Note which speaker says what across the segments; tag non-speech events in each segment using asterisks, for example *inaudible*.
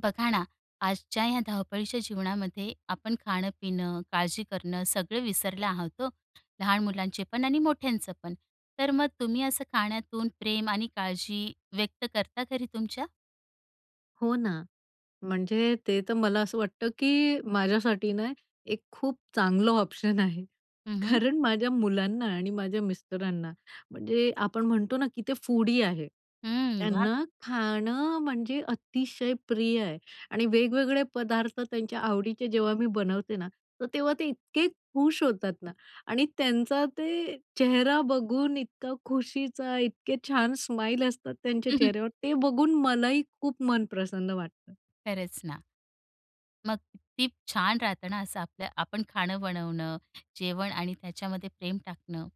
Speaker 1: बघा ना, आजच्या ह्या धावपळीच्या जीवनामध्ये आपण खाणं-पिणं, काळजी करणं सगळं विसरलं आहोत हो. लहान मुलांचे पण आणि मोठ्यांचं पण. तर मग तुम्ही असं खाण्यातून प्रेम आणि काळजी व्यक्त करता घरी तुमच्या?
Speaker 2: हो ना, म्हणजे ते तर मला असं वाटतं की माझ्यासाठी ना एक खूप चांगलं ऑप्शन आहे
Speaker 1: हं, हं.
Speaker 2: कारण माझ्या मुलांना आणि माझ्या मिस्टरांना म्हणजे आपण म्हणतो ना की ते फूडी आहे.
Speaker 1: हं, वाह!
Speaker 2: त्यांना खाणं म्हणजे अतिशय प्रिय आहे आणि वेगवेगळे पदार्थ त्यांच्या आवडीचे जेव्हा मी बनवते ना, तर तेव्हा ते इतके खुश होतात ना आणि त्यांचा ते चेहरा बघून, इतका खुशीचा, इतके छान स्माईल असतात त्यांच्या
Speaker 1: *chuckles*
Speaker 2: चेहऱ्यावर. ते बघून मलाही खूप मन प्रसन्न वाटतं.
Speaker 1: खरच ना. मग किती छान! राहतं ना असं आपल्या आपण खाणं बनवणं, जेवण आणि त्याच्यामध्ये प्रेम टाकणं.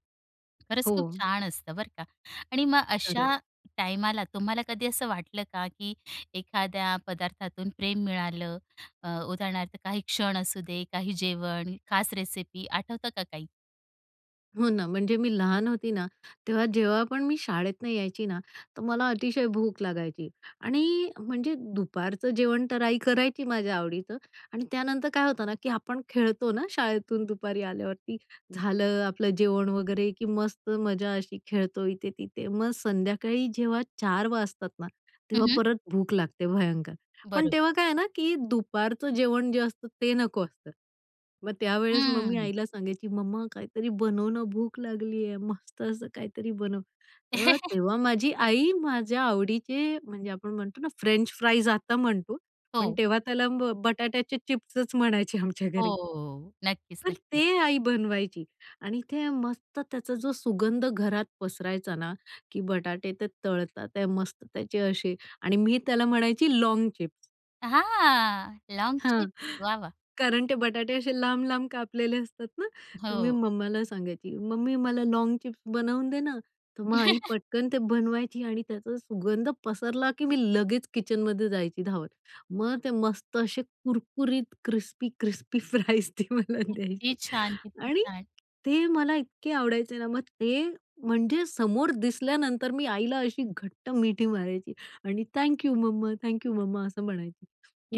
Speaker 1: खरंच
Speaker 2: हो.
Speaker 1: खूप छान! असतं बरं का आणि मग अशा
Speaker 2: खरंच.
Speaker 1: टायमाला तुम्हाला कधी असं वाटलं का, की एखाद्या पदार्थातून प्रेम मिळालं अ, उदाहरणार्थ काही क्षण असू दे, काही जेवण, खास रेसिपी आठवतं का काही?
Speaker 2: हो ना, म्हणजे मी लहान होती ना, तेव्हा जेव्हा पण मी शाळेत न यायची ना, तर मला अतिशय भूक लागायची आणि म्हणजे दुपारचं जेवण तर आई करायची माझ्या आवडीचं आणि त्यानंतर काय होतं ना की आपण खेळतो ना शाळेतून दुपारी आल्यावरती. झालं आपलं जेवण वगैरे, की मस्त मजा अशी खेळतो इथे तिथे. मग संध्याकाळी जेव्हा 4:00 वाजतात ना,
Speaker 1: हं,
Speaker 2: तेव्हा
Speaker 1: हं.
Speaker 2: परत भूक लागते भयंकर. पण
Speaker 1: बरोबर.
Speaker 2: तेव्हा काय आहे ना की दुपारचं जेवण जे असतं ते नको असतं. मग त्यावेळेस मग मी
Speaker 1: हम्म.
Speaker 2: आईला सांगायची, "मम्मा, काहीतरी बनवणं. भूक लागली आहे. मस्त असं काहीतरी बनव." तर
Speaker 1: *chuckles*
Speaker 2: तेव्हा माझी आई माझ्या आवडीचे म्हणजे आपण म्हणतो ना, फ्रेंच फ्राईज आता म्हणतो पण
Speaker 1: हो.
Speaker 2: तेव्हा त्याला बटाट्याचे चिप्सच म्हणायचे आमच्या
Speaker 1: हो,
Speaker 2: घरी.
Speaker 1: हो, हो. नक्कीच,
Speaker 2: तर ते
Speaker 1: नक्कीच.
Speaker 2: आई बनवायची आणि ते मस्त त्याचा जो सुगंध घरात पसरायचा ना, की बटाटे ते तळतात ते मस्त त्याचे असे आणि मी त्याला म्हणायची लॉन्ग चिप्स.
Speaker 1: हां, लोंग
Speaker 2: हां,
Speaker 1: चिप्स. वाह वाह!
Speaker 2: कारण ते बटाटे असे लांब-लांब कापलेले असतात ना, तर मी
Speaker 1: हो.
Speaker 2: मम्माला सांगायची, "मम्मी, मला लॉग चिप्स बनवून दे ना." तर मग आई
Speaker 1: *chuckles*
Speaker 2: पटकन ते बनवायची आणि त्याचा सुगंध पसरला की मी लगेच किचनमध्ये जायची धावत. मग ते मस्त असे कुरकुरीत क्रिस्पी क्रिस्पी फ्राईज ते मला
Speaker 1: किती
Speaker 2: द्यायची.
Speaker 1: छान! किती
Speaker 2: आणि
Speaker 1: छान!
Speaker 2: ते मला इतके आवडायचे ना मग ते म्हणजे समोर दिसल्यानंतर मी आईला अशी घट्ट मिठी मारायची आणि "थँक यू मम्मा, थँक यू मम्मा," असं म्हणायची.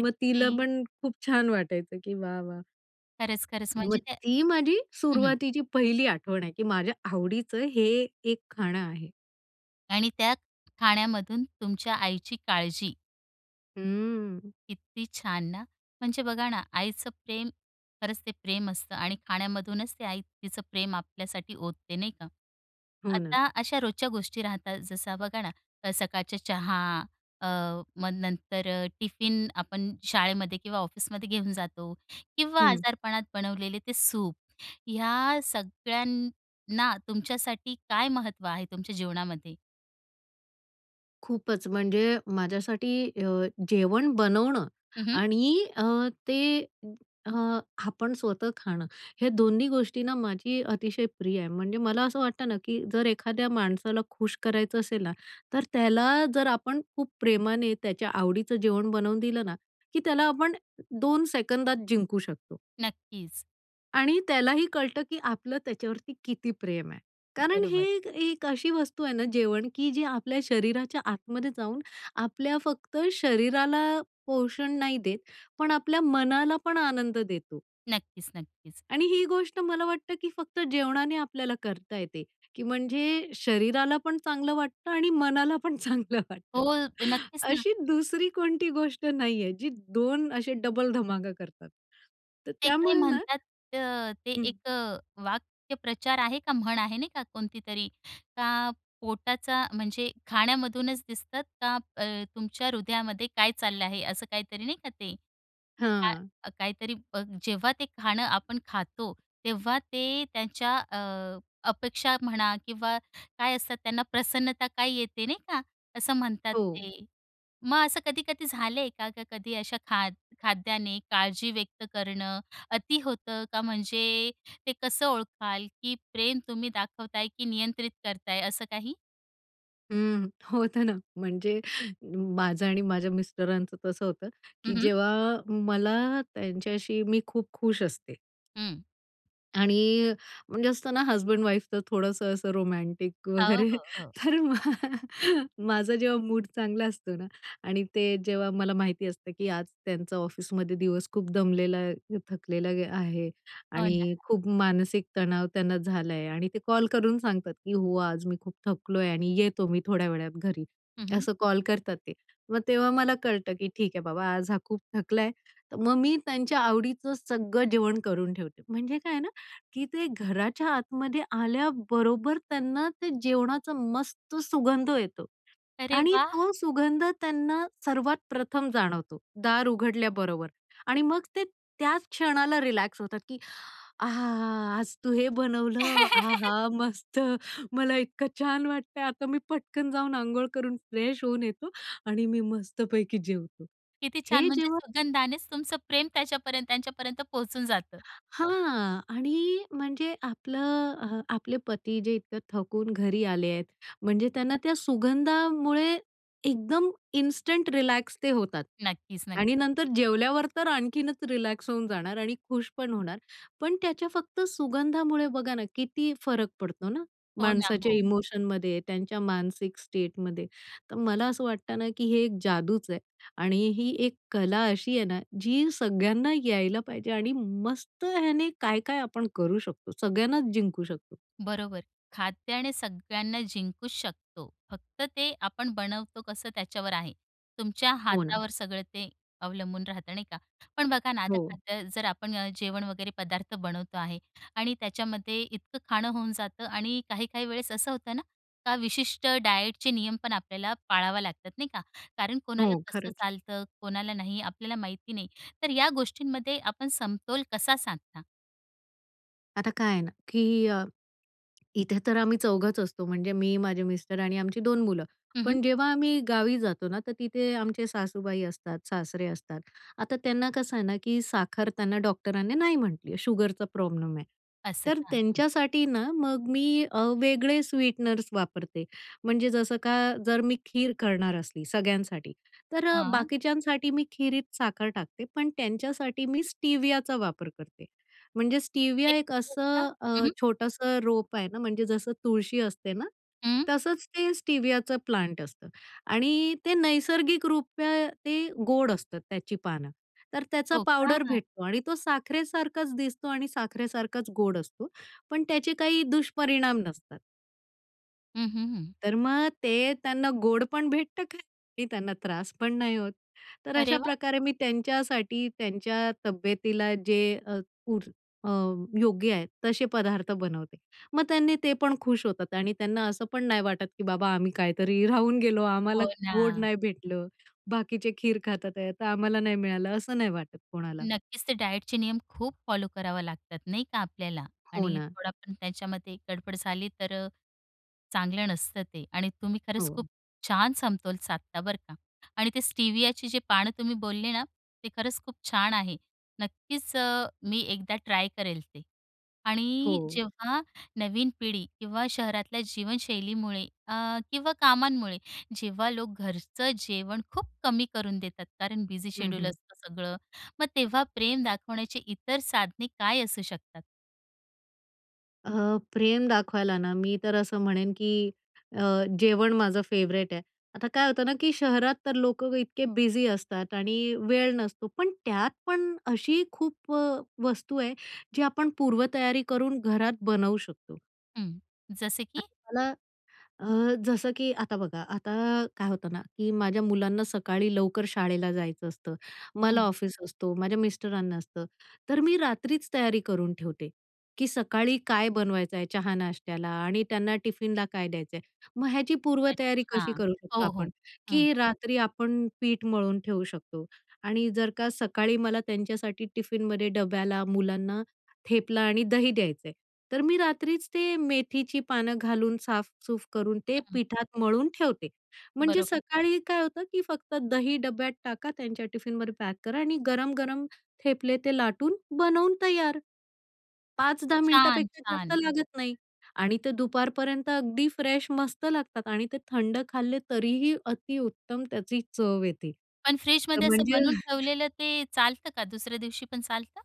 Speaker 2: मग तिला पण खूप छान वाटायचं की, वाह वाह!
Speaker 1: खरंच, खरंच
Speaker 2: मग
Speaker 1: म्हणजे ते,
Speaker 2: ती माझी
Speaker 1: हं, हं.
Speaker 2: सुरुवातीची पहिली आठवण आहे की माझ्या आवडीचं हे एक खाणं आहे.
Speaker 1: आणि त्या खाण्यामधून तुमच्या आईची काळजी.
Speaker 2: हं.
Speaker 1: किती छान! ना? म्हणजे बघा ना, आईचं प्रेम खरंच ते प्रेम असतं. आणि खाण्यामधूनच ते आई तिचं प्रेम आपल्यासाठी ओतते नाही का?
Speaker 2: हो ना.
Speaker 1: आता अशा रोजच्या गोष्टी राहतात. जसं बघा ना सकाळचा चहा, अ, मग नंतर अ, टिफिन आपण शाळेमध्ये किंवा ऑफिसमध्ये घेऊन जातो किंवा
Speaker 2: हं.
Speaker 1: आजारपणात बनवलेले ते सूप या सगळ्यांना तुमच्यासाठी काय महत्त्व आहे, तुमच्या जीवनामध्ये?
Speaker 2: खूपच म्हणजे माझ्यासाठी अ, जेवण बनवणं
Speaker 1: हं, हं.
Speaker 2: आणि अ, ते अ, आपण स्वतः खाणं. हे दोन्ही गोष्टीना माझी अतिशय प्रिय आहे. म्हणजे मला असं वाटतं ना, की जर एखाद्या माणसाला खुश करायचं असेल ना, तर त्याला जर आपण खूप प्रेमाने त्याच्या आवडीचं जेवण बनवून दिलं ना, की त्याला आपण 2 सेकंदात जिंकू शकतो.
Speaker 1: नक्कीच.
Speaker 2: आणि त्यालाही कळतं की आपलं त्याच्यावरती किती प्रेम आहे कारण हे
Speaker 1: बरोबर.
Speaker 2: एक एक अशी वस्तू आहे ना, जेवण की जे आपल्या शरीराच्या आतमध्ये जाऊन आपल्या फक्त शरीराला पोषण नाही देत. पण आपल्या मनाला पण आनंद देतो.
Speaker 1: नक्कीच, नक्कीच.
Speaker 2: आणि ही गोष्ट मला वाटतं की फक्त जेवणाने आपल्याला करता येते की म्हणजे शरीराला पण चांगलं वाटतं आणि मनाला पण चांगलं वाटतं.
Speaker 1: हो, नक्कीच ना.
Speaker 2: अशी दुसरी कोणती गोष्ट नाहीये. जी 2 असे डबल धमाका करतात. तर
Speaker 1: ते काय
Speaker 2: त्यामुळे ना
Speaker 1: म्हणतात अ, ते
Speaker 2: हं.
Speaker 1: एक अ, वाक्प्रचार आहे का म्हण आहे नाही का कोणतीतरी? का पोटाचा म्हणजे खाण्यामधूनच दिसतात का अ, तुमच्या हृदयामध्ये काय चाललं आहे. असं काहीतरी नाही का ते?
Speaker 2: हां.
Speaker 1: काय काहीतरी बघ जेव्हा ते खाणं आपण खातो. तेव्हा ते त्यांच्या अ, अपेक्षा म्हणा किंवा काय असतात त्यांना प्रसन्नता काय येते नाही का? असं म्हणतात
Speaker 2: हो.
Speaker 1: ते. मग असं कधी-कधी झालंय का? का कधी अशा खाद खाद्याने काळजी व्यक्त करणं. अति होतं का म्हणजे ते कसं ओळखाल, की प्रेम तुम्ही दाखवताय की नियंत्रित करत आहे असं काही?
Speaker 2: हं. होतं ना म्हणजे माझं आणि माझ्या मिस्टरांचं तसं होतं
Speaker 1: हं,
Speaker 2: की
Speaker 1: हं.
Speaker 2: जेव्हा मला त्यांच्याशी, मी खूप खुश असते.
Speaker 1: हं.
Speaker 2: आणि म्हणजे असत ना हजबेंड-वाइफ तर थोडंसं असं रोमॅंटिक
Speaker 1: हो,
Speaker 2: वगैरे,
Speaker 1: हो, हो.
Speaker 2: तर मग माझं जेव्हा मूड चांगला असतो ना आणि ते जेव्हा मला माहिती असतं की आज त्यांचा ऑफिसमध्ये दिवस खूप दमलेला, थकलेला आहे.
Speaker 1: हो ना.
Speaker 2: आणि खूप मानसिक तणाव त्यांना झाला आहे. आणि ते कॉल करून सांगतात की "हो! आज मी खूप थकलो आहे आणि येतो मी थोड्या वेळात घरी."
Speaker 1: हं, हं.
Speaker 2: असं कॉल करतात ते. मग तेव्हा मला कळतं की ठीक आहे बाबा आज हा खूप थकला आहे. तर मग मी त्यांच्या आवडीचं सगळं जेवण करून ठेवते. म्हणजे काय आहे ना, की ते घराच्या आतमध्ये आल्याबरोबर त्यांना ते जेवणाचा मस्त सुगंध येतो.
Speaker 1: अरे
Speaker 2: आणि
Speaker 1: वाह!
Speaker 2: तो सुगंध त्यांना सर्वात प्रथम जाणवतो, दार उघडल्याबरोबर. आणि मग ते त्याच क्षणाला रिलॅक्स होतात, की "आहा! आज तू हे बनवलं,
Speaker 1: *chuckles*
Speaker 2: आहा मस्त, मला इतकं छान वाटतंय. आता मी पटकन जाऊन अंघोळ करून फ्रेश होऊन येतो आणि मी मस्तपैकी जेवतो."
Speaker 1: किती छान.
Speaker 2: हे
Speaker 1: म्हणजे
Speaker 2: जेव्हा
Speaker 1: सुगंधानानेच तुमचं प्रेम त्याच्यापर्यंत त्यांच्यापर्यंत पोहचून जातं.
Speaker 2: हां आणि म्हणजे आपलं, आपले पती जे इतकं थकून घरी आले आहेत. म्हणजे त्यांना त्या सुगंधामुळे एकदम इन्स्टंट रिलॅक्स ते होतात.
Speaker 1: नक्कीच, नक्की.
Speaker 2: आणि नंतर जेवल्यावर तर आणखीनच रिलॅक्स होऊन जाणार आणि खुश पण होणार. पण त्याच्या फक्त सुगंधामुळे बघा ना किती फरक पडतो ना,
Speaker 1: हो ना,
Speaker 2: माणसाच्या
Speaker 1: हो.
Speaker 2: इमोशनमध्ये त्यांच्या मानसिक स्टेटमध्ये. तर मला असं वाटतं ना की हे एक जादूच आहे. आणि ही एक कला अशी आहे ना, जी सगळ्यांना यायला पाहिजे. आणि मस्त ह्याने काय काय आपण करू शकतो सगळ्यांनाच जिंकू शकतो.
Speaker 1: बरोबर. खाद्याने सगळ्यांना जिंकूच शकतो. फक्त ते आपण बनवतो कसं त्याच्यावर आहे. तुमच्या
Speaker 2: हो ना.
Speaker 1: हातावर सगळं ते अवलंबून राहतं. नाही का? पण बघा ना, आता
Speaker 2: हो.
Speaker 1: खाद्य जर आपण जेवण वगैरे पदार्थ बनवतो आहे आणि त्याच्यामध्ये इतकं खाणं होऊन जातं आणि काही-काही वेळेस असं होतं ना का विशिष्ट डायटचे नियम पण आपल्याला पाळावा लागतात. नाही का? कारण
Speaker 2: हो
Speaker 1: कोणाला कसं
Speaker 2: खरंच.
Speaker 1: चालतं कोणाला नाही आपल्याला माहिती नाही. तर या गोष्टींमध्ये आपण समतोल कसा साधता?
Speaker 2: आता काय आहे ना, की अ, इथे तर आम्ही चौघच असतो म्हणजे मी, माझे मिस्टर आणि आमची 2 मुलं,
Speaker 1: हं, हं.
Speaker 2: पण जेव्हा आम्ही गावी जातो ना तर तिथे आमचे सासूबाई असतात, सासरे असतात. आता त्यांना, कसं आहे ना, की साखर त्यांना डॉक्टरांनी नाही म्हटली आहे. शुगरचा प्रॉब्लेम आहे.
Speaker 1: असं
Speaker 2: तर
Speaker 1: का? हं.
Speaker 2: त्यांच्यासाठी ना मग मी अ, वेगळे स्वीटनर्स वापरते, म्हणजे जसं का, जर मी खीर करणार असली सगळ्यांसाठी, तर
Speaker 1: हं.
Speaker 2: बाकीच्यांसाठी मी खिरीत साखर टाकते पण त्यांच्यासाठी मी स्टिवियाचा वापर करते. म्हणजे
Speaker 1: *unintelligible*
Speaker 2: स्टिविया एक
Speaker 1: हं,
Speaker 2: असं अ,
Speaker 1: हं.
Speaker 2: छोटंसं रोप आहे ना, म्हणजे जसं तुळशी असते ना,
Speaker 1: हं.
Speaker 2: तसंच ते स्टिवियाचं प्लांट असतं आणि ते नैसर्गिकरूपे त्या ते गोड असतं त्याची पानं. तर त्याचा
Speaker 1: हो
Speaker 2: पावडर
Speaker 1: का?
Speaker 2: भेटतो आणि तो साखरेसारखाच दिसतो आणि साखरेसारखाच गोड असतो, पण त्याचे काही दुष्परिणाम नसतात.
Speaker 1: हं, हं, हं.
Speaker 2: तर मग ते त्यांना गोड पण भेटतं खायला आणि त्यांना त्रास पण नाही होत. तर
Speaker 1: अरे वाह!
Speaker 2: अशाप्रकारे मी त्यांच्यासाठी, त्यांच्या तब्येतीला जे अ, पूर अ, योग्य आहेत तसे पदार्थ बनवते. मग त्यांनी ते पण खुश होतात आणि त्यांना असं पण नाही वाटत, की बाबा आम्ही कायतरी राहून गेलो, आम्हाला
Speaker 1: हो
Speaker 2: गोड
Speaker 1: ना.
Speaker 2: नाही भेटलं. बाकीचे खीर खातात आहेत तर आम्हाला नाही मिळालं, असं नाही वाटत कोणाला.
Speaker 1: नक्कीच ते डाएटचे नियम खूप फॉलो करावा लागतात, नाही का आपल्याला
Speaker 2: हो
Speaker 1: आणि
Speaker 2: ना.
Speaker 1: थोडा पण त्याच्यामध्ये गडबड झाली तर अ, चांगलं नसतं ते. आणि तुम्ही खरंच खूप
Speaker 2: हो.
Speaker 1: छान समतोल साधता बरं का. आणि ते स्टिवियाची जे पानं तुम्ही बोलले ना, ते खरंच खूप छान आहे. नक्कीच अ, मी एकदा ट्राय करेल ते. आणि
Speaker 2: हो.
Speaker 1: जेव्हा नवीन पिढी किंवा शहरातल्या जीवनशैलीमुळे अ, किंवा कामांमुळे जेव्हा लोकं घरचं जेवण खूप कमी करून देतात, कारण बिझी
Speaker 2: हं,
Speaker 1: शेड्यूल
Speaker 2: हं.
Speaker 1: असतं सगळं, मग तेव्हा प्रेम दाखवण्याचे इतर साधने काय असू शकतात?
Speaker 2: अ, प्रेम दाखवायला ना, मी तर असं म्हणेन की अ, जेवण माझं फेवरेट आहे. आता काय होतं ना की शहरात तर लोकं इतके बिझी असतात आणि वेळ नसतो, पण त्यात पण अशी खूप अ, वस्तू आहे जी आपण पूर्वतयारी करून घरात बनवू शकतो.
Speaker 1: हं. जसं
Speaker 2: अ,
Speaker 1: की?
Speaker 2: मला अ, जसं की आता बघा, आता काय होतं ना की माझ्या मुलांना सकाळी लवकर शाळेला जायचं असतं, मला
Speaker 1: हं.
Speaker 2: ऑफिस असतो, माझ्या मिस्टरांना असतं तर मी रात्रीच तयारी करून ठेवते की, सकाळी काय बनवायचं आहे चहा-नाश्त्याला आणि त्यांना टिफिनला काय द्यायचं आहे. मग ह्याची पूर्वतयारी कशी
Speaker 1: अच्छा.
Speaker 2: करू शकतो
Speaker 1: हो, हो.
Speaker 2: आपण?
Speaker 1: हं.
Speaker 2: की रात्री आपण पीठ मळून ठेवू शकतो आणि जर का सकाळी मला त्यांच्यासाठी टिफिनमध्ये डब्याला मुलांना थेपला आणि दही द्यायचं आहे, तर मी रात्रीच ते मेथीची पानं घालून साफ-सफाई करून ते
Speaker 1: हं.
Speaker 2: पिठात मळून ठेवते म्हणजे
Speaker 1: बरोबर.
Speaker 2: सकाळी काय होतं की फक्त दही डब्यात टाका, त्यांच्या टिफिनवर पॅक करा आणि गरम-गरम थेपले ते लाटून बनवून तयार. 5-10 मिनिटापेक्षा जास्त
Speaker 1: छान-छान.
Speaker 2: लागत नाही आणि ते दुपारपर्यंत अगदी फ्रेश मस्त लागतात आणि ते थंड खाल्ले तरीही अतिउत्तम त्याची चव येते.
Speaker 1: पण
Speaker 2: तर
Speaker 1: फ्रिजमध्ये असं
Speaker 2: म्हणजे
Speaker 1: बनवून
Speaker 2: *chuckles*
Speaker 1: ठेवलेलं ते चालतं का? दुसऱ्या दिवशी पण चालतं?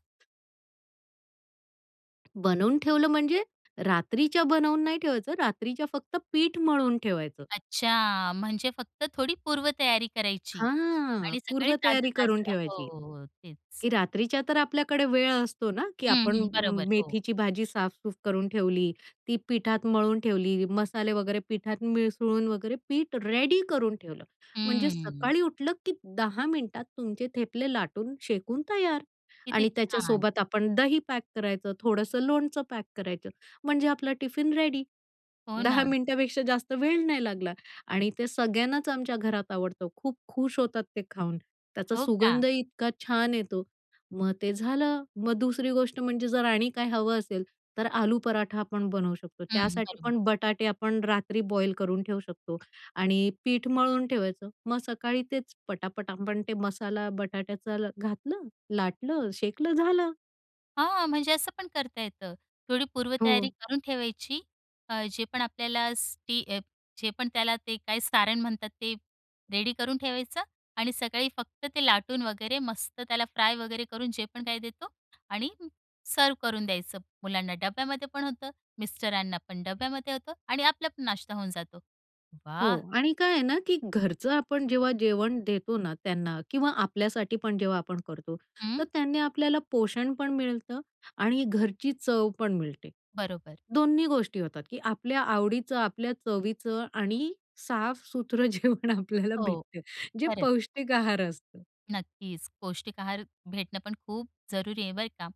Speaker 2: बनवून ठेवलं म्हणजे, रात्रीच्या बनवून नाही ठेवायचं, रात्रीच्या फक्त पीठ मळवून ठेवायचं.
Speaker 1: अच्छा, म्हणजे फक्त थोडी पूर्वतयारी करायची
Speaker 2: हां,
Speaker 1: आणि सकाळी
Speaker 2: पूर्व तयारी करून
Speaker 1: ताजं-ताजं
Speaker 2: ठेवायची.
Speaker 1: हो. तेच.
Speaker 2: की रात्रीच्या तर आपल्याकडे वेळ असतो ना, की
Speaker 1: हं,
Speaker 2: आपण अ,
Speaker 1: हं. बरोबर हो.
Speaker 2: मेथीची भाजी साफ-सूफ करून ठेवली, ती पिठात मळून ठेवली, मसाले वगैरे पिठात मिसळून वगैरे पीठ रेडी करून ठेवलं, म्हणजे
Speaker 1: हं.
Speaker 2: सकाळी उठलं की 10 मिनिटात तुमचे ठेपले लाटून शेकून तयार.
Speaker 1: किती
Speaker 2: आणि
Speaker 1: छान!
Speaker 2: त्याच्यासोबत आपण दही पॅक करायचं, थोडंसं लोणचं पॅक करायचं म्हणजे आपला टिफिन रेडी
Speaker 1: हो
Speaker 2: 10
Speaker 1: ना.
Speaker 2: मिनिटापेक्षा जास्त वेळ नाही लागला. आणि ते सगळ्यांनाच आमच्या घरात आवडतं खूप खुश होतात ते खाऊन. त्याचा
Speaker 1: हो का?
Speaker 2: सुगंधही इतका छान येतो मग ते झालं मग दुसरी गोष्ट म्हणजे जर आणि काय हवं असेल तर आलू पराठा आपण बनवू शकतो
Speaker 1: हं,
Speaker 2: त्यासाठी
Speaker 1: बरोबर.
Speaker 2: पण बटाटे आपण रात्री बॉईल करून ठेवू शकतो आणि पीठ मळून ठेवायचं मग सकाळी तेच पटापट आपण ते मसाला बटाट्याचा ला घातलं लाटलं शेकलं झालं.
Speaker 1: हां, म्हणजे असं पण करता येतं. थोडी पूर्वतयारी
Speaker 2: हो.
Speaker 1: करून ठेवायची अ, जे पण आपल्याला स्टि जे पण त्याला ते काय सारण म्हणतात ते रेडी करून ठेवायचं आणि सकाळी फक्त ते लाटून वगैरे मस्त त्याला फ्राय वगैरे करून जे पण काही देतो आणि सर्व्ह करून द्यायचं मुलांना, डब्यामध्ये पण होतं, मिस्टरांना पण डब्यामध्ये होतं आणि आपला पण नाश्ता होऊन जातो.
Speaker 2: हो
Speaker 1: वाह!
Speaker 2: आणि काय आहे ना, की घरचं आपण जेव्हा जेवण देतो ना, त्यांना किंवा आपल्यासाठी पण जेव्हा आपण करतो तर
Speaker 1: हं.
Speaker 2: त्यांनी आपल्याला पोषण पण मिळतं आणि घरची चव पण मिळते.
Speaker 1: बरोबर.
Speaker 2: दोन्ही गोष्टी होतात की आपल्या आवडीचं आपल्या चवीचं आणि साफसूत्रं जेवण आपल्याला
Speaker 1: हो
Speaker 2: भेटते जे
Speaker 1: खरंच.
Speaker 2: पौष्टिक आहार असतं.
Speaker 1: नक्कीच, पौष्टिक आहार, भेटणं पण खूप जरुरी आहे बरं का.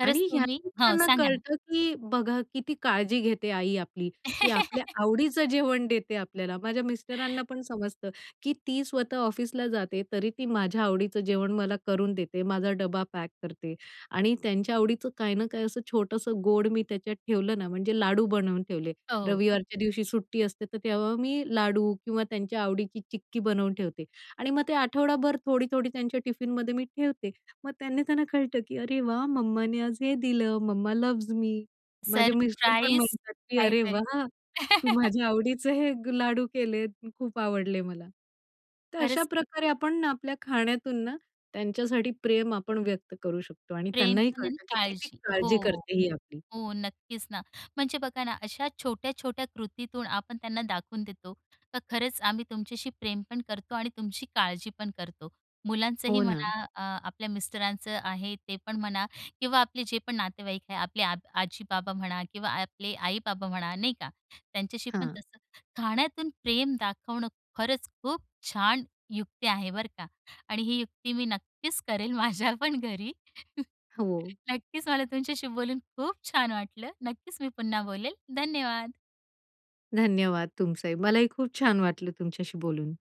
Speaker 1: खरंच
Speaker 2: आणि
Speaker 1: तुम्ही
Speaker 2: ह्यातून
Speaker 1: हो
Speaker 2: त्यांना
Speaker 1: सांगा ना.
Speaker 2: कळतं की बघा किती काळजी घेते आई आपली, की आपल्या आवडीचं जेवण देते आपल्याला. माझ्या मिस्टरांना
Speaker 1: *chuckles*
Speaker 2: पण समजतं की ती स्वतः ऑफिसला जाते, तरी ती माझ्या आवडीचं जेवण मला करून देते. माझा डब्बा पॅक करते आणि त्यांच्या आवडीचं काही ना काही असं छोटंसं गोड मी त्याच्यात ठेवलं ना, म्हणजे लाडू बनवून ठेवले.
Speaker 1: हो.
Speaker 2: रविवारच्या दिवशी सुट्टी असते तर तेव्हा मी लाडू किंवा त्यांच्या आवडीची चिक्की बनवून ठेवते. आणि मग ते आठवडाभर थोडी, थोडी त्यांच्या टिफिनमध्ये मी ठेवते मग त्यांनी त्यांना कळतं की "अरे वाह! मम्माने आज हे दिलं मम्मा लव्हज मी." माझे मिस्टर पण
Speaker 1: सरप्राइज,
Speaker 2: म्हणतात की "अरे
Speaker 1: काहीतरी.
Speaker 2: वाह तू
Speaker 1: *chuckles*
Speaker 2: माझ्या आवडीचं हे लाडू केले खूप आवडले मला." तर अशा
Speaker 1: खरंच.
Speaker 2: प्रकारे आपण आपल्या खाण्यातून ना, त्यांच्यासाठी प्रेम आपण व्यक्त करू शकतो आणि
Speaker 1: प्रेम
Speaker 2: त्यांनाही
Speaker 1: पण आणि
Speaker 2: कळतं की किती
Speaker 1: काळजी हो.
Speaker 2: काळजी करते ही आपली.
Speaker 1: हो नक्कीच ना. म्हणजे बघा ना, अशा छोट्या-छोट्या कृतीतून आपण त्यांना दाखवून देतो, तर खरंच आम्ही तुमच्याशी प्रेम पण करतो आणि तुमची काळजी पण करतो. मुलांचंही
Speaker 2: हो ना.
Speaker 1: म्हणा अ, आपल्या मिस्टरांचं आहे ते पण म्हणा किंवा आपले जे पण नातेवाईक आहे. आपले आब आजी, बाबा म्हणा किंवा आपले आई-बाबा म्हणा नाही का, त्यांच्याशी पण
Speaker 2: हां.
Speaker 1: तसं, खाण्यातून प्रेम दाखवणं खरंच खूप छान युक्ती आहे बरं का! आणि ही युक्ती मी नक्कीच करेन माझ्यापण घरी. *chuckles*
Speaker 2: हो.
Speaker 1: नक्कीच मला तुमच्याशी बोलून खूप छान वाटलं. नक्कीच मी पुन्हा बोलेल. धन्यवाद.
Speaker 2: धन्यवाद तुमचाही. मलाही खूप छान वाटलं तुमच्याशी बोलून.